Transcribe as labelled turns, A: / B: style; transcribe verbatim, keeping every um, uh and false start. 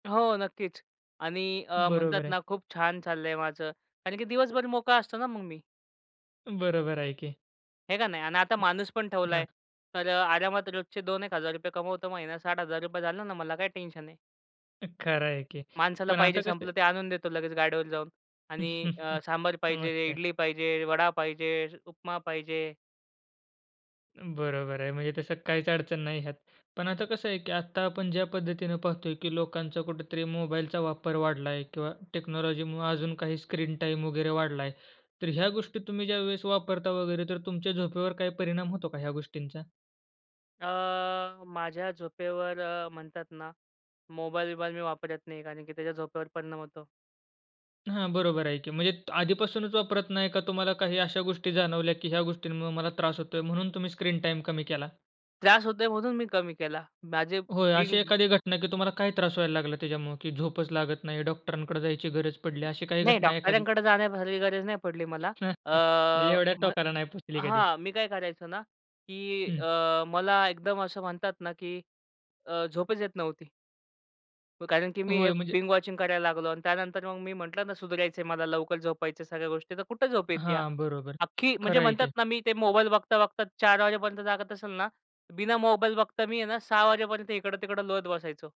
A: हो, नक्कीच आणि अ, म्हणतात
B: बरोबर आहे.
A: ना खूप छान चाललंय माझं कारण की दिवसभर मोकळा असतो ना मग मी.
B: बरोबर आहे की.
A: आहे का नाही आणि आता माणूस पण ठेवलाय.
B: हं.
A: तर अ, आरामात रोजचे दोन एक हजार रुपये कमवतो महिन्यात साठ हजार रुपये झाला ना, मला काय टेन्शन आहे.
B: खरं आहे की.
A: माणसाला
B: पण
A: पाहिजे
B: आता कसं
A: संपलं
B: आहे
A: ते आणून देतो लगेच गाडीवर जाऊन आणि अ, सांभर
B: मग
A: पाहिजे,
B: काय.
A: इडली पाहिजे, वडा पाहिजे, उपमा पाहिजे
B: बरोबर आहे, म्हणजे तसं काहीच अडचण नाही ह्यात. पण आता कसं आहे, की आत्ता आपण ज्या पद्धतीने पाहतोय, की लोकांचा कुठेतरी मोबाईलचा वापर वाढलाय किंवा टेक्नॉलॉजीमूळे अजून काही स्क्रीन टाईम वगैरे वाढलाय. तर ह्या गोष्टी तुम्ही ज्यावेळेस वापरता वगैरे, तर तुमच्या झोपेवर काय परिणाम होतो का ह्या गोष्टींचा?
A: अ, माझ्या झोपेवर म्हणतात ना मोबाईल बिबाईल मी वापरत नाही कारण की त्याच्या झोपेवर परिणाम होतो.
B: हां, बरोबर आहे की म्हणजे आधीपासूनच वापरत नाही का तुम्हाला काही अशा गोष्टी जाणवल्या, की ह्या गोष्टींमुळे मला त्रास होतोय म्हणून तुम्ही स्क्रीन टाईम कमी केला?
A: त्रास होतोय म्हणून मी कमी केला. माझे
B: होय, अशी
A: बिंग
B: एखादी घटना की तुम्हाला काय त्रास व्हायला लागला त्याच्यामुळे, की झोपच लागत नाही. डॉक्टरांकडे जायची गरज पडली अशी काही
A: नाही
B: घटना एखादी?
A: डॉक्टरांकडे जाण्यासारखी गरज नाही पडली मला. अ,
B: एवढ्या
A: म्ह
B: टोकाला नाही पोचली कधी.
A: हां, मी काय करायचो ना की
B: हं.
A: अ, मला एकदम असं म्हणतात ना, की अ, झोपच येत नव्हती. कारण की मी हे
B: होय म्हणजे
A: बिंग वॉचिंग करायला लागलो आणि त्यानंतर मग मी म्हटलं ना सुधारायचंय मला. लवकर झोपायचंय सगळ्या गोष्टी, तर कुठे झोप येते.
B: हां, बरोबर.
A: अख्खी म्हणजे
B: खरं आहे
A: म्हणतात
B: की.
A: ना मी ते मोबाईल बघता-बघता चार वाजेपर्यंत जागत असेल ना, बिना मोबाईल बघता मी आहे ना सहा वाजेपर्यंत इकडं-तिकडं लोळत बसायचो.